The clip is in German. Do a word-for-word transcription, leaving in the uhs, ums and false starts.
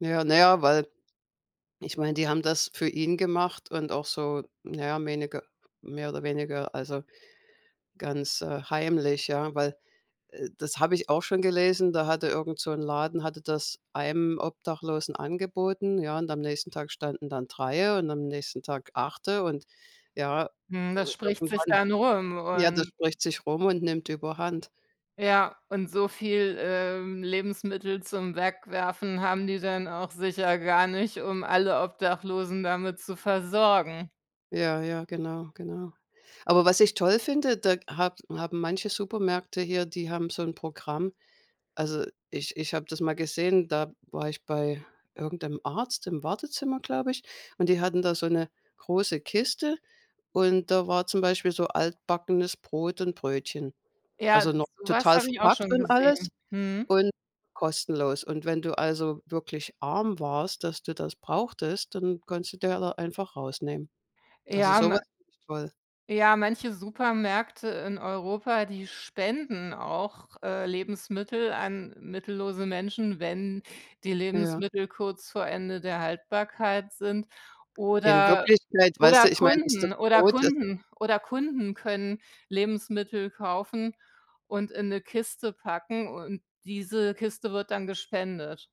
Ja, na ja, weil ich meine, die haben das für ihn gemacht und auch so, na ja, weniger mehr oder weniger also, ganz, äh, heimlich, ja. Weil, äh, das habe ich auch schon gelesen, da hatte irgend so 'n Laden hatte das einem Obdachlosen angeboten, ja, und am nächsten Tag standen dann drei und am nächsten Tag acht und, ja, Mhm, äh, das spricht sich irgendwann dann rum Ja, das und spricht sich rum und nimmt überhand. Ja und so viel, ähm, Lebensmittel zum Wegwerfen haben die dann auch sicher gar nicht, um alle Obdachlosen damit zu versorgen. Ja, ja, genau, genau. Aber was ich toll finde, da hab haben manche Supermärkte hier, die haben so 'n Programm. Also, ich ich habe das mal gesehen, da war ich bei irgend 'nem Arzt im Wartezimmer, glaube ich, und die hatten da so 'ne große Kiste und da war zum Beispiel so altbackenes Brot und Brötchen. Also, Ja, noch so was total habe ich auch verpackt schon und alles gesehen, mhm. und kostenlos. Und wenn du, also, wirklich arm warst, dass du das brauchtest, dann konntest du dir da einfach rausnehmen. Also, Ja, so was ma finde ich toll. ja manche Supermärkte in Europa, die spenden auch, äh, Lebensmittel an mittellose Menschen, wenn die Ja. Lebensmittel kurz vor Ende der Haltbarkeit sind In oder Wirklichkeit weißt oder du, ich meine, ist das Kunden oder Brot, äh Kunden oder Kunden können Lebensmittel kaufen und in 'ne Kiste packen und diese Kiste wird dann gespendet.